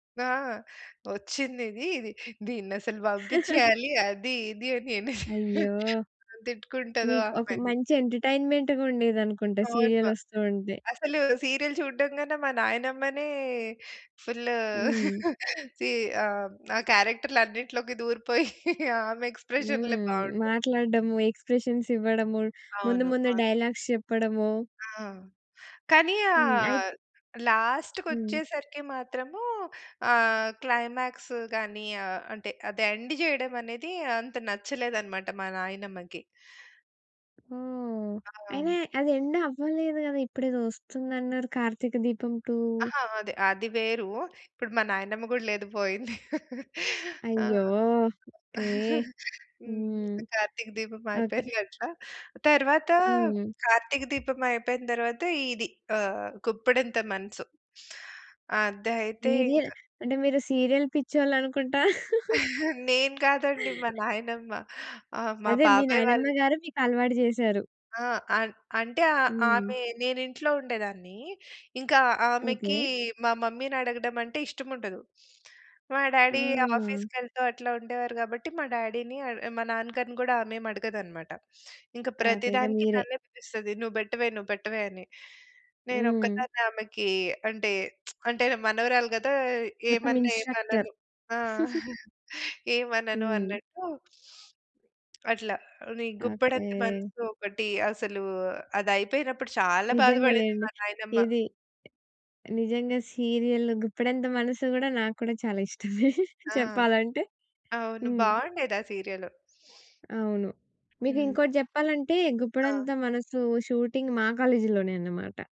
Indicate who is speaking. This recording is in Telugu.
Speaker 1: ఆ! వచ్చింది‌ది ఇది దీన్నసలు బంపిచ్చేయాలి అది, ఇది, అని ఎన్ని
Speaker 2: అయ్యో!
Speaker 1: తిట్టుకుంటదో ఆ
Speaker 2: మీకు ఒక
Speaker 1: ఆమని.
Speaker 2: మంచి ఎంటర్టైన్మెంట్‌గుండేది అనుకుంటా!
Speaker 1: అవును.
Speaker 2: సీరియలొస్తూ ఉంటే.
Speaker 1: అసలు సీరియల్ చూడడం కన్నా మా నాయనమ్మనే ఫుల్లు
Speaker 2: హ్మ్.
Speaker 1: సీ ఆహ్, హ్మ్. ఆ క్యారెక్టర్లు అన్నిటిలోకి దూరిపోయి ఆమె ఎక్స్ప్రెషన్‌లే
Speaker 2: హ్మ్.
Speaker 1: బావుంటాయి.
Speaker 2: మాట్లాడడము ఎక్స్ప్రెషన్స్ ఇవ్వడము, ముందు
Speaker 1: అవును.
Speaker 2: ముందు
Speaker 1: అవును.
Speaker 2: డైలాగ్స్ చెప్పడము.
Speaker 1: ఆ! కానీ ఆ
Speaker 2: హ్మ్. అయిత్
Speaker 1: లాస్ట్‌కి
Speaker 2: హ్మ్.
Speaker 1: వచ్చేసరికి మాత్రము ఆహ్, క్లైమాక్స్ గాని ఆహ్, అంటే అదే ఎండ్ జేయడమనేది అంత నచ్చలేదనమాట మా నాయనమ్మకి.
Speaker 2: ఓహ్!
Speaker 1: ఆ! హ్మ్.
Speaker 2: అయినా అది ఎండ్ అవ్వలేదు గదా! ఇప్పుడేదో వస్తుందన్నా‌‌రు 'కార్తీక దీపం 2'.
Speaker 1: అహా! అదే అది వేరు. ఇప్పుడు మా నాయనమ్మ గూడా లేదు పోయింది. ఆ!
Speaker 2: అయ్యో! ఓకే.
Speaker 1: హ్మ్.
Speaker 2: హ్మ్.
Speaker 1: 'కార్తీక దీపం'
Speaker 2: ఓకే.
Speaker 1: అయిపోయిందట్లా. తరువాత
Speaker 2: హ్మ్.
Speaker 1: 'కార్తీక దీపం' అయిపోయిన తరువాత ఇది ఆహ్, గుప్పెడంత మనసు. అదయితే
Speaker 2: సీరియ
Speaker 1: ఇంక
Speaker 2: అంటే మీరు సీరియల్ పిచ్చోళ్ళునుకుంటా?
Speaker 1: నేను కాదండి మా నాయనమ్మ. ఆ! మా
Speaker 2: అదే మీ
Speaker 1: బాబాయి వాళ్ళు
Speaker 2: నాయనమ్మ గారు మీకలవాటు జేసారు.
Speaker 1: ఆ! అన్ అంటే ఆ
Speaker 2: హ్మ్.
Speaker 1: ఆమె నేను ఇంట్లో ఉండేదాన్ని. ఇంక
Speaker 2: ఓకే.
Speaker 1: ఆమెకి మా మమ్మీనడగడం అం‌టే ఇష్టముండదు. మా డ్యాడీ
Speaker 2: హ్మ్.
Speaker 1: ఆఫీస్‌కెళ్తూ అట్లా ఉండేవారు గాబట్టి మా డ్యాడీని అడ్ ఆ మా నాన్న గారిని గూడా ఆమేమి అడగదనమాట. ఇంక
Speaker 2: అదే.
Speaker 1: ప్రతి
Speaker 2: ఇగ
Speaker 1: దానికి
Speaker 2: మీరే.
Speaker 1: నన్నే పిలుస్తది. "నువ్వు బెట్టవే, నువ్వు పెట్టవే" అని
Speaker 2: హ్మ్.
Speaker 1: నేనొక్కదాన్ని ఆమెకీ అంటే అంటే మనవరాలు కదా!
Speaker 2: మొత్తం
Speaker 1: ఏమన్నా
Speaker 2: ఇన్స్ట్రక్టర్.
Speaker 1: ఏమనను ఆ! ఏమనను
Speaker 2: హ్మ్.
Speaker 1: అన్నట్టు. అట్లా. నీ 'గుప్పెడంత
Speaker 2: ఓకే.
Speaker 1: మనసు' ఒకటి. అసలూ అదయిపోయినప్పుడు చాలా బాధ పడింది
Speaker 2: నిజంగాలేండి.
Speaker 1: మా నాయనమ్మ.
Speaker 2: ఇది నిజంగా సీరియల్ 'గుప్పెడంత మనసు' గూడా, నాకు కూడా చాలా ఇష్ట‌మే
Speaker 1: ఆ!
Speaker 2: చెప్పాలంటే.
Speaker 1: అవును.
Speaker 2: హ్మ్.
Speaker 1: బావుండేది ఆ సీరియలు.
Speaker 2: అవును.
Speaker 1: హ్మ్.
Speaker 2: మీకింకోటి జెప్పాలంటే
Speaker 1: ఆ!
Speaker 2: 'గుప్పెడంత మనసు' షూటింగ్ మా కాలేజులోనే అనమాట.